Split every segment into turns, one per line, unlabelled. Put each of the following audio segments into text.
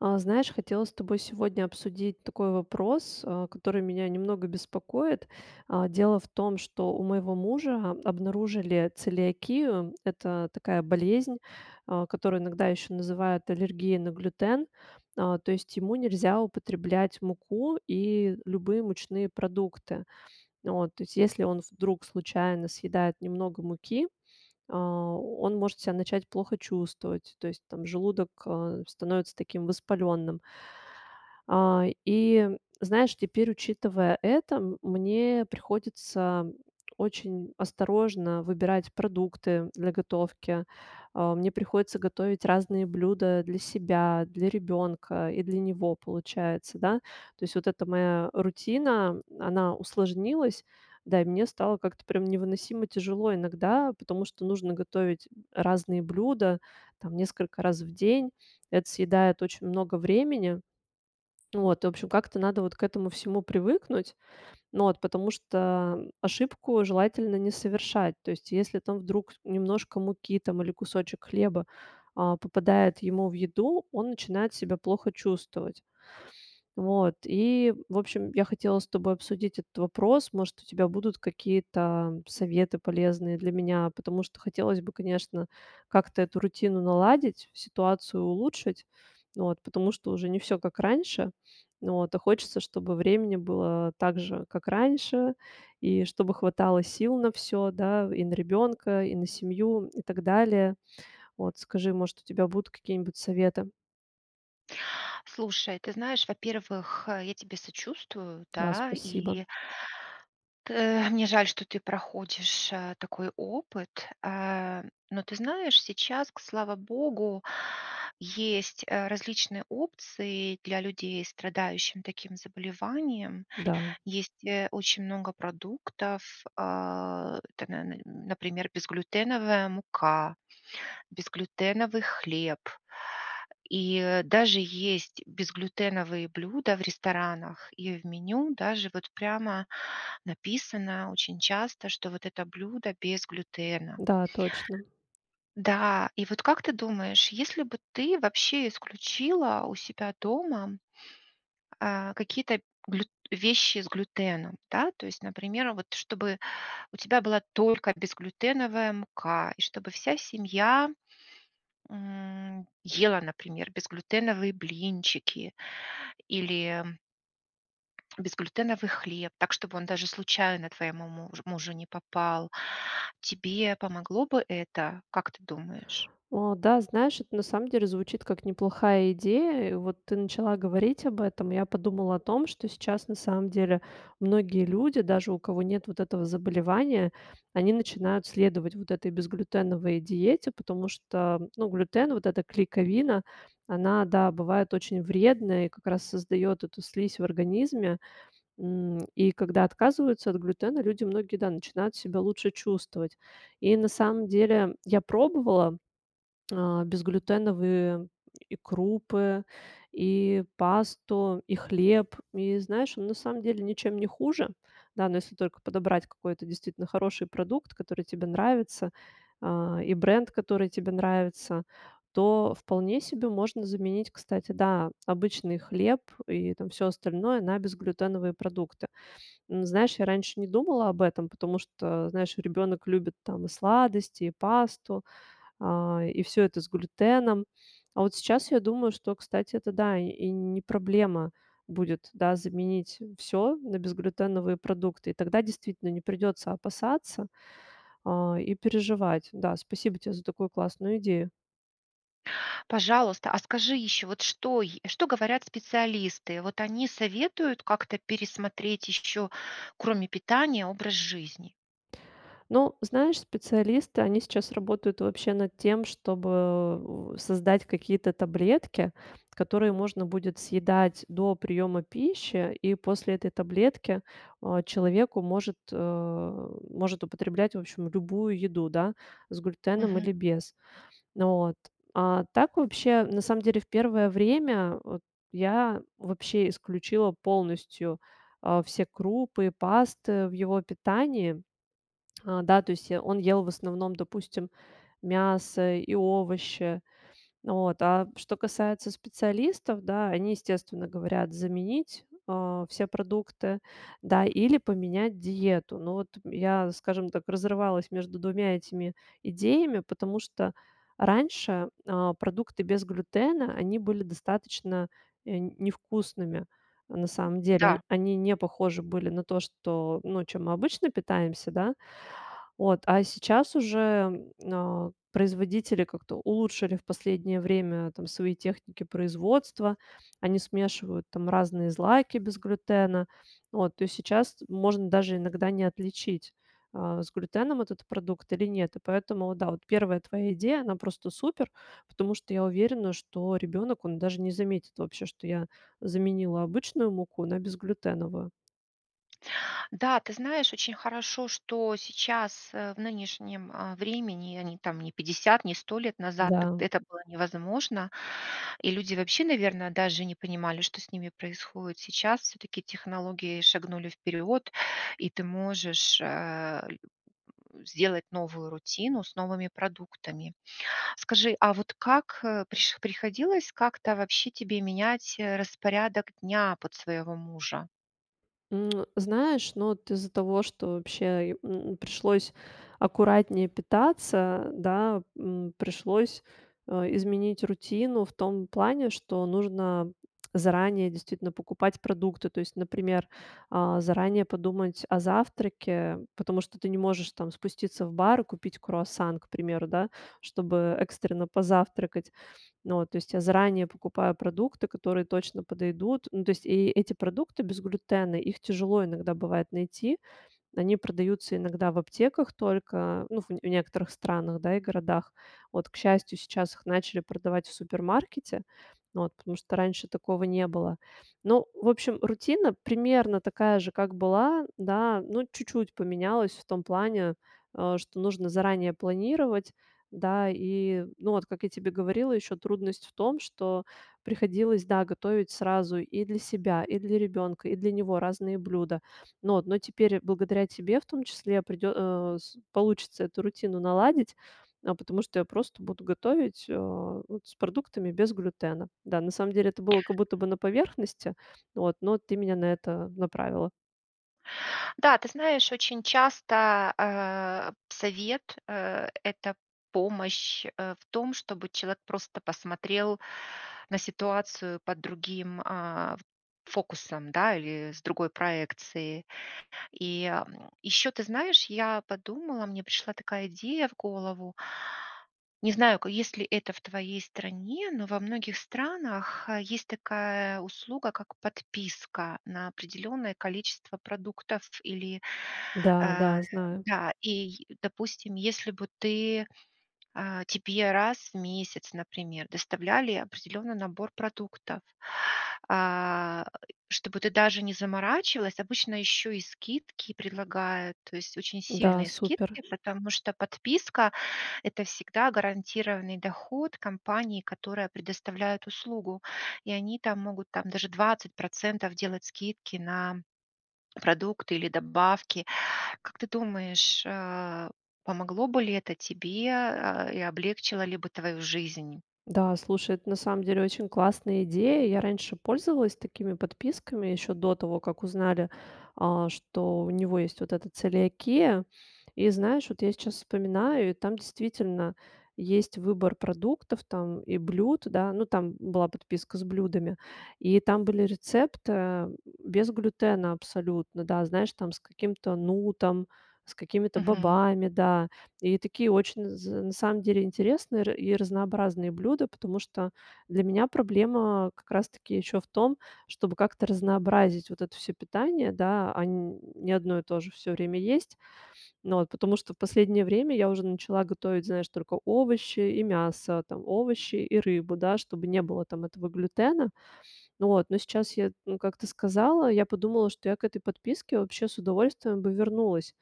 А, знаешь, хотела с тобой сегодня обсудить такой вопрос, а, который меня немного беспокоит. А, дело в том, что у моего мужа обнаружили целиакию- это такая болезнь, а, которую иногда ещё называют аллергией на глютен. А, то есть ему нельзя употреблять муку и любые мучные продукты. Вот, то есть, если он вдруг случайно съедает немного муки, а, он может себя начать плохо чувствовать. То есть, там, желудок, а, становится таким воспалённым. А, и, знаешь, теперь, учитывая это, м мне приходится очень осторожно выбирать продукты для готовки. А, мне приходится готовить разные блюда для себя, для ребёнка и для него, получается, да. То есть вот эта моя рутина, она усложнилась. Да, и мне стало как-то прям невыносимо тяжело иногда, потому что нужно готовить разные блюда, там, несколько раз в день. Это съедает очень много времени. Вот, в общем, как-то надо вот к этому всему привыкнуть. Ну вот, потому что ошибку желательно не совершать. То есть, если там вдруг немножко муки там или кусочек хлеба, а, попадает ему в еду, он начинает себя плохо чувствовать. Вот, и, в общем, я хотела с тобой обсудить этот вопрос. Может, у тебя будут какие-то советы полезные для меня, потому что хотелось бы, конечно, как-то эту рутину наладить, ситуацию улучшить. Вот, потому что уже не всё как раньше. Вот, а хочется, чтобы времени было так же, как раньше, и чтобы хватало сил на всё, да, и на ребенка, и на семью, и так далее. Вот, скажи, может, у тебя будут какие-нибудь советы?
Слушай, ты знаешь, во-первых, а, я тебе сочувствую,
Да,
да,
спасибо.
и тэ мне жаль, что ты проходишь, э, такой опыт, а. Но ты знаешь, сейчас, к слава богу, есть, э, различные опции для людей, страдающих таким заболеванием.
Да.
Есть, э, очень много продуктов, а, [unintelligible] например: безглютеновая мука, безглютеновый хлеб и, э, даже есть безглютеновые блюда в ресторанах, и в меню даже вот прямо написано очень часто, что вот это блюдо без глютена.
Да, точно.
Да, и вот как ты думаешь, если бы ты вообще исключила у себя дома э, какие-то глют вещи с глютеном, да? То есть, например, вот, чтобы у тебя была только безглютеновая мука, и чтобы вся семья, м, ела, например, безглютеновые блинчики или безглютеновый хлеб так, чтобы он даже случайно твоему муж мужу не попал. Тебе помогло бы это, как ты думаешь?
О да, знаешь, это на самом деле звучит как неплохая идея. Вот ты начала говорить об этом. Я подумала о том, что сейчас на самом деле многие люди, даже у кого нет вот этого заболевания, они начинают следовать вот этой безглютеновой диете, потому что, ну, глютен, вот эта клейковина, она, да, бывает очень вредная и как раз создаёт эту слизь в организме. М, и когда отказываются от глютена, люди многие, да, начинают себя лучше чувствовать. И на самом деле я пробовала, а, безглютеновые и крупы, и пасту, и хлеб. И знаешь, ну, на самом деле ничем не хуже. Да, но если только подобрать какой-то действительно хороший продукт, который тебе нравится, а, и бренд, который тебе нравится, то вполне себе можно заменить, кстати, да, обычный хлеб и там всё остальное на безглютеновые продукты. М, знаешь, я раньше не думала об этом, потому что, знаешь, ребенок любит там и сладости, и пасту, а, и всё это с глютеном. А вот сейчас я думаю, что, кстати, это да, и не проблема будет, да, заменить всё на безглютеновые продукты. И тогда действительно не придётся опасаться, а, и переживать. Да, спасибо тебе за такую классную идею.
Пожалуйста, а скажи ещё, вот что е что говорят специалисты? Вот они советуют как-то пересмотреть ещё, кроме питания, образ жизни?
Ну, знаешь, специалисты- они сейчас работают вообще над тем, чтобы, создать какие-то таблетки, которые можно будет съедать до приёма пищи, и после этой таблетки, а, человеку может э, может употреблять, в общем, любую еду, да. С глютеном
Мгм.
или без. Вот. А так вообще, на самом деле, в первое время, вот, я вообще исключила полностью, э, все крупы и пасты в его питании. Э, да, то есть, э, он ел в основном, допустим, мясо и овощи. Вот, а что касается специалистов, да: они, естественно, говорят заменить, а, все продукты, да, или поменять диету. Но вот я, скажем так, разрывалась между 2 этими идеями, потому что раньше, а, продукты без глютена, они были достаточно, э, невкусными, а, на
М,
самом деле.
да.
Они не похожи были на то, что, ну, чем мы обычно питаемся, да. Вот, а сейчас уже, а, производители как-то улучшили в последнее время там свои техники производства. Они смешивают там разные злаки без глютена. Вот, то сейчас можно даже иногда не отличить, а, с глютеном этот продукт или нет. И поэтому вот да, вот 1 твоя идея, она просто супер. Потому что я уверена, что ребенок, он даже не заметит вообще, что я заменила обычную муку на безглютеновую.
Да, ты знаешь, очень хорошо, что сейчас, э, в нынешнем, э, времени, а не там, не 50, не 100 лет назад, т
Да.
это было невозможно. И люди вообще, наверное, даже не понимали, что с ними происходит. Сейчас всё-таки технологии шагнули вперёд. И ты можешь, э, сделать новую рутину с новыми продуктами. Скажи, а вот как, э, приш приходилось как-то вообще тебе менять, э, распорядок дня под своего мужа?
М, знаешь, ну, вот из-за того, что вообще, э, м, пришлось аккуратнее питаться, да. М, пришлось, э, изменить рутину в том плане, что нужно заранее действительно покупать продукты. То есть, например, а, заранее подумать о завтраке. Потому что ты не можешь там спуститься в бар, купить круассан, к примеру, да, чтобы экстренно позавтракать. Ну вот, то есть, я заранее покупаю продукты, которые точно подойдут. Ну, то есть, и эти продукты без глютена, их тяжело иногда бывать найти. Они продаются иногда в аптеках только, ну ф в некоторых странах, да, и городах. Вот, к счастью, сейчас их начали продавать в супермаркете, вот, потому что раньше такого не было. Ну, в общем, рутина примерно такая же, как была, да. Ну, чуть-чуть поменялась в том плане, э, что нужно заранее планировать, да. И, ну, вот, как я тебе говорила, еще трудность в том, что приходилось, да, готовить сразу и для себя, и для ребенка, и для него разные блюда. Но но теперь, благодаря тебе в том числе, придё э, с получится эту рутину наладить. Э, потому что я просто буду готовить, э, вот с продуктами без глютена. Да, на самом деле это было как будто бы на поверхности, вот, но ты меня на это направила.
Да, ты знаешь, очень часто, э, совет, э- это помощь, э, в том, чтобы человек просто посмотрел на ситуацию под другим, а, фокусом, да. Или с другой проекцией. И, м, ещё, ты знаешь, я подумала, мне пришла такая идея в голову. Не знаю, к есть ли это в твоей стране, но во многих странах, э, есть такая услуга как подписка на определённое количество продуктов или,
Да
э
да. Знаю.
да. Ий допустим, если бы ты, э, тебе раз в месяц, например, доставляли определённый набор продуктов, а, чтобы ты даже не заморачивалась. Обычно ещё и скидки предлагают. То есть очень
Да,
сильные
супер.
скидки, потому что подписка- это всегда гарантированный доход компании, которая предоставляет услугу. И они там могут там даже 20 % делать скидки на продукты или добавки. Как ты думаешь, э, помогло бы ли это тебе, а, и облегчило ли бы твою жизнь?
Да, слушай, это на самом деле очень классная идея. Я раньше пользовалась такими подписками, ещё до того, как узнали, а, что у него есть вот эта целиакея. И знаешь, вот я сейчас вспоминаю, и там действительно есть выбор продуктов там и блюд, да. Ну, там была подписка с блюдами. И там были рецепт, э, без глютена абсолютно, да. Знаешь, там с каким-то нутом, с какими-то
Мгм.
бобами, да. И такие очень з на самом деле интересные и ра разнообразные блюда. Потому что для меня проблема как раз таки ещё в том, чтобы как-то разнообразить вот это всё питание, да. А н не одно и то же всё время есть. Ну вот, потому что в последнее время я уже начала готовить, знаешь, только овощи и мясо, там. Овощи и рыбу, да, чтобы не было там этого глютена. Вот, но сейчас я, м, как-то сказала, я подумала, что я к этой подписке вообще с удовольствием бы вернулась.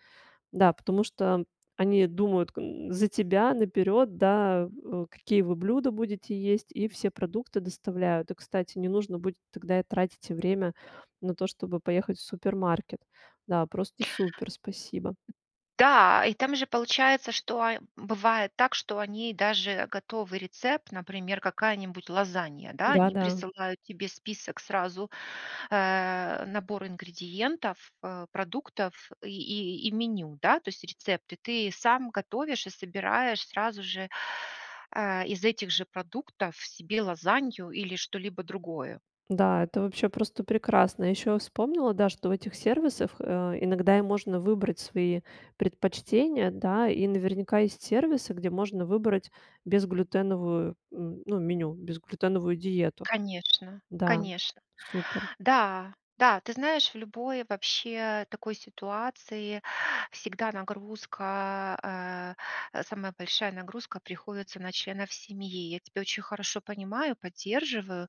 Да, потому что они думают, за тебя наперёд, да, э, какие вы блюда будете есть и все продукты доставляют. И, кстати, не нужно будет тогда и тратить время на то, чтобы поехать в супермаркет. Да, просто супер. Спасибо.
Да, и там же получается, что, бывает так, что они даже готовый рецепт, например, какая-нибудь лазанья, да.
Да
Они
да.
присылают тебе список сразу, э, набор ингредиентов, э, продуктов и и и меню, да. То есть рецепты. Ты сам готовишь и собираешь сразу же, а, из этих же продуктов себе лазанью или что-либо другое.
Да, это вообще просто прекрасно. Ещё я вспомнила, да, что в этих сервисах, э, иногда и можно выбрать свои предпочтения, да. И наверняка есть сервисы, где можно выбрать безглютеновую, м, ну, меню. Безглютеновую диету.
Конечно
Да.
конечно.
Супер.
Да да. Ты знаешь, в любой вообще такой ситуации всегда нагрузка, э, э, самая большая нагрузка приходится на членов семьи. Я тебя очень хорошо понимаю, поддерживаю.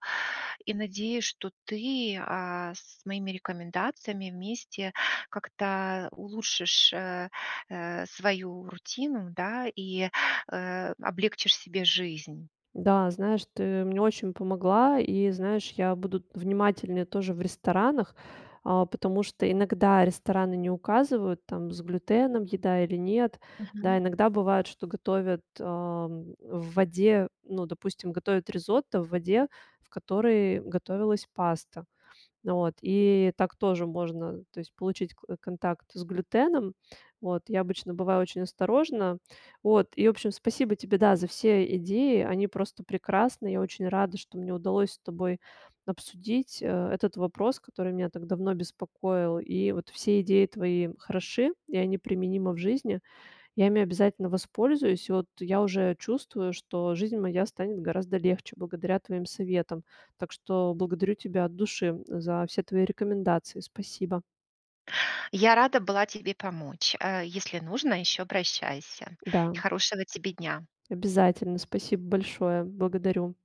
И надеюсь, что ты, а, с моими рекомендациями вместе как-то улучшишь, э, э, свою рутину, да. И, э, облегчишь себе жизнь.
Да, знаешь, ты мне очень помогла. И, знаешь, я буду внимательнее тоже в ресторанах, а, потому что иногда рестораны не указывают, там, с глютеном еда или нет, да.
Мгм.
Иногда быает, что готовят, а, м, в воде: ну, допустим, готовят ризотто в воде, в которой готовилась паста. Вот, и так тоже можно, то есть получить к контакт с глютеном. Вот. Я обычно бываю очень осторожна. Вот. И, в общем, спасибо тебе, да, за все идеи. Они просто прекрасны. Я очень рада, что мне удалось с тобой обсудить э, этот вопрос, который меня так давно беспокоил. И вот все идеи твои хороши, и они применимы в жизни. Я ими обязательно воспользуюсь. И вот я уже чувствую, что жизнь моя станет гораздо легче благодаря твоим советам. Так что благодарю тебя от души за все твои рекомендации. Спасибо.
Я рада была тебе помочь! Э, если нужно, ещё обращайся. И
Да.
хорошего тебе дня.
Обязательно. Спасибо большое! Благодарю.